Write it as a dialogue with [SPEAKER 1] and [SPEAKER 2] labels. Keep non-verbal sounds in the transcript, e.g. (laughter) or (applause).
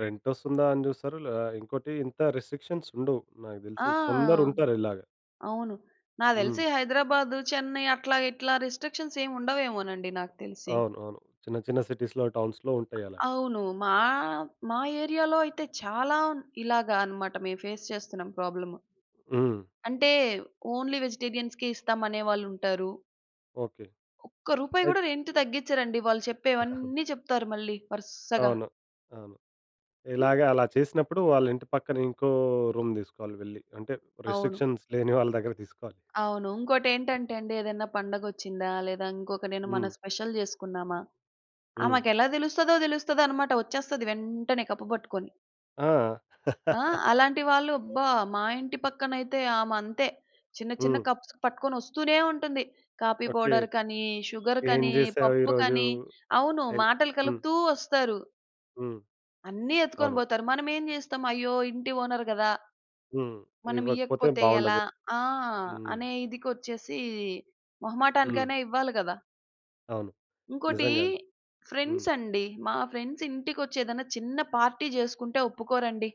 [SPEAKER 1] Rent వస్తుందా అని చూస్తారు. లే ఇంకోటి ఇంత రిస్ట్రిక్షన్స్ ఉండవు నాకు
[SPEAKER 2] ఆ!
[SPEAKER 1] తెలిసి. కొందరు ఉంటారు ఇలాగ.
[SPEAKER 2] అవును. నాకు తెలిసి
[SPEAKER 1] హ్మ్.
[SPEAKER 2] హైదరాబాదు, చెన్నై అట్లా ఇట్లా రిస్ట్రిక్షన్స్ ఏమి ఉండవేమోనండి నాకు తెలిసి.
[SPEAKER 1] అవును. అవును. చిన్న చిన్న సిటీస్‌లొ, టౌన్స్‌లొ ఉంటాయలా.
[SPEAKER 2] అవును. మా మా ఏరియా‌లో అయితే చాలా ఉ ఇలాగ అనమాట. మేము ఫేస్ చేస్తున్నాం ప్రాబ్లము.
[SPEAKER 1] హ్మ్.
[SPEAKER 2] అంటే ఓన్లీ వెజిటేరియన్స్‌కి ఇస్తాం అనే వాళ్ళు ఉంటారు.
[SPEAKER 1] ఓకే.
[SPEAKER 2] ఒక్క రూపాయి
[SPEAKER 1] అయ్
[SPEAKER 2] కూడా రెంట్ తగ్గించరండి. వాళ్ళు
[SPEAKER 1] (chuckles)
[SPEAKER 2] చెప్పేవన్నీ చెప్తారు మళ్ళీ వరుసగా.
[SPEAKER 1] అవును. అవును. ఇలాగ అలా చేసినప్పుడు వాళ్ళ ఇంటి పక్కన ఇంకో రూమ్ తీసుకోవాలి వెళ్లి. అంటే
[SPEAKER 2] అవును.
[SPEAKER 1] రిస్ట్రిక్షన్స్ లేని వాళ్ళ దగ్గర తీసుకోవాలి.
[SPEAKER 2] అవును. ఇంకోటేంటంటే అండి ఏదైనా పండగొచ్చిందా? లేదా ఇంకొక నేను మన
[SPEAKER 1] హ్మ్.
[SPEAKER 2] స్పెషల్ చేసుకున్నామా!
[SPEAKER 1] హ్మ్.
[SPEAKER 2] ఆమెకెలా తెలుస్తదో తెలుస్తదనమాట వచ్చేస్తది వెంటనే కప్పు పట్టుకొని.
[SPEAKER 1] ఆ!
[SPEAKER 2] ఆ!
[SPEAKER 1] (laughs)
[SPEAKER 2] అలాంటి వాళ్ళు అబ్బా! మా ఇంటి పక్కనైతే ఆమె అంతే. చిన్న చిన్న
[SPEAKER 1] హ్మ్.
[SPEAKER 2] కప్స్ పట్టుకొని వస్తూనే ఉంటుంది. Coffee
[SPEAKER 1] okay.
[SPEAKER 2] పౌడర్‌‌కనీ,
[SPEAKER 1] ఏం
[SPEAKER 2] షుగర్‌కనీ
[SPEAKER 1] చేశావు ఈరోజు?
[SPEAKER 2] పప్పుకని అవును.
[SPEAKER 1] ఎల్
[SPEAKER 2] మాటలు
[SPEAKER 1] హ్మ్.
[SPEAKER 2] కలుపుతూ వస్తారు.
[SPEAKER 1] హ్మ్.
[SPEAKER 2] అన్నీ ఎత్తుకొని
[SPEAKER 1] అవును.
[SPEAKER 2] పోతారు. మనమేం చేస్తాం? "అయ్యో! ఇంటి ఓనెర్ కదా!"
[SPEAKER 1] హ్మ్. ఇవ్వకపోతే
[SPEAKER 2] "మనమియ్యకపోతే ఎలా?"
[SPEAKER 1] బాగుండదు.
[SPEAKER 2] ఆ!
[SPEAKER 1] హ్మ్.
[SPEAKER 2] అనే ఇదికిచ్చేసి
[SPEAKER 1] హ్మ్.
[SPEAKER 2] మొహమాటానికైనా ఇవ్వాలి కదా!
[SPEAKER 1] అవును.
[SPEAKER 2] ఇంకోటి
[SPEAKER 1] నిజంగా అది. హ్మ్.
[SPEAKER 2] ఫ్రెండ్స్ అండి. మా ఫ్రెండ్స్ ఇంటికి వచ్చి ఏదైనా చిన్న పార్టీ చేసుకుంటే ఒప్పుకోరండి.